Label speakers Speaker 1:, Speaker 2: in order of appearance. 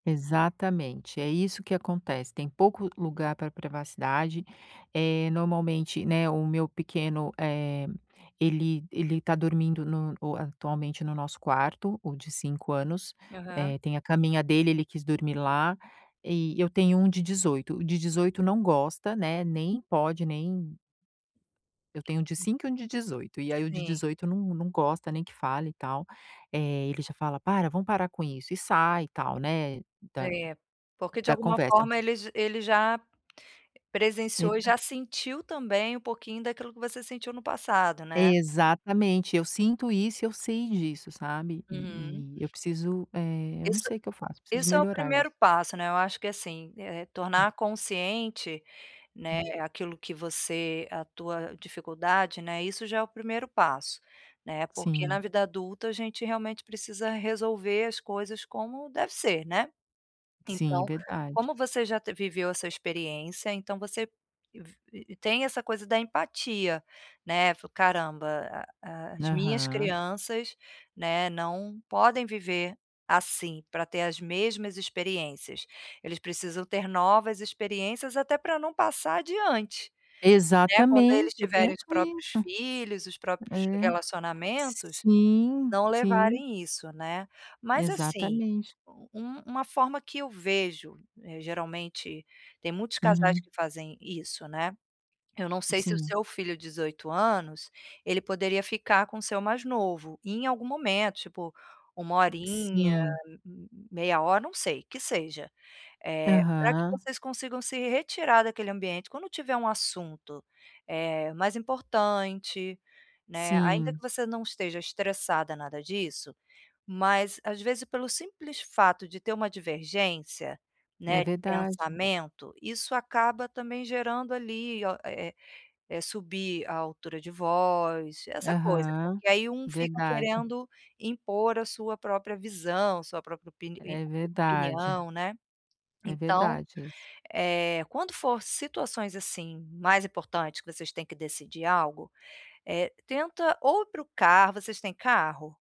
Speaker 1: Exatamente! É isso que acontece, tem pouco lugar para privacidade, eh, normalmente, né, o meu pequeno, eh, ele ele está dormindo no atualmente no nosso quarto, o de 5 anos,
Speaker 2: Aham.
Speaker 1: eh, tem a caminha dele, ele quis dormir lá. E eu tenho um de 18, o de 18 não gosta, né, nem pode, nem Eu tenho um de 5 e um de 18. E aí, o de
Speaker 2: Sim.
Speaker 1: 18 não não gosta nem que fale e tal. Eh, ele já fala: "Para, vamos parar com isso", e sai e tal, né, da
Speaker 2: É, porque de
Speaker 1: da
Speaker 2: alguma
Speaker 1: conversa.
Speaker 2: forma ele j ele já
Speaker 1: Ele
Speaker 2: presenciou e
Speaker 1: tá
Speaker 2: já sentiu também um pouquinho daquilo que você sentiu no passado, né?
Speaker 1: Exatamente, eu sinto isso e eu sei disso, sabe.
Speaker 2: Uhum.
Speaker 1: E e eu preciso eh, eu não
Speaker 2: Isso
Speaker 1: sei o que eu faço. Eu preciso
Speaker 2: isso é o
Speaker 1: melhorar isso.
Speaker 2: primeiro passo, né. Eu acho que assim, eh,
Speaker 1: Hum.
Speaker 2: tornar consciente, né,
Speaker 1: Hum.
Speaker 2: aquilo que você a tua dificuldade, né, isso já é o primeiro passo, né. Por que na
Speaker 1: Sim.
Speaker 2: vida adulta a gente realmente precisa resolver as coisas como deve ser, né.
Speaker 1: Sim,
Speaker 2: Então,
Speaker 1: verdade.
Speaker 2: como você já te viveu essa experiência, então você vi tem essa coisa da empatia, né: "Caramba, a a as minhas
Speaker 1: Aham.
Speaker 2: crianças, né, não podem viver assim, pra ter as mesmas experiências. Eles precisam ter novas experiências até pra não passar adiante", né. Quando eles
Speaker 1: Exatamente, eu
Speaker 2: tiverem
Speaker 1: penso
Speaker 2: os próprios
Speaker 1: isso!
Speaker 2: filhos, os próprios
Speaker 1: É,
Speaker 2: relacionamentos,
Speaker 1: sim,
Speaker 2: não
Speaker 1: sim.
Speaker 2: levarem isso, né. Mas, assim,
Speaker 1: Exatamente.
Speaker 2: um uma forma que eu vejo, eh, geralmente tem muitos casais
Speaker 1: Uhum.
Speaker 2: que fazem isso, né. Eu não sei se o
Speaker 1: Sim.
Speaker 2: seu filho de 18 anos ele poderia ficar com o seu mais novo, em algum momento, tipo 1 horinha,
Speaker 1: Sim.
Speaker 2: meia hora, não sei, que seja. Eh, pra que
Speaker 1: Aham.
Speaker 2: vocês consigam se retirar daquele ambiente quando tiver um assunto, eh, mais importante, né. Ainda que
Speaker 1: Sim.
Speaker 2: você não esteja estressada nada disso, mas, às vezes, pelo simples fato de ter uma divergência,
Speaker 1: É
Speaker 2: né, de
Speaker 1: verdade.
Speaker 2: pensamento, isso acaba também gerando ali, o eh eh eh, subir a altura de voz, essa coisa.
Speaker 1: Aham,
Speaker 2: Porque aí um fica
Speaker 1: verdade.
Speaker 2: querendo impor a sua própria visão, sua própria opi ni
Speaker 1: É verdade.
Speaker 2: opinião, né.
Speaker 1: É
Speaker 2: Então,
Speaker 1: verdade isso.
Speaker 2: eh, quando for situações, assim, mais importante que vocês têm que decidir algo, eh, tenta ou ir pro carro vocês têm carro?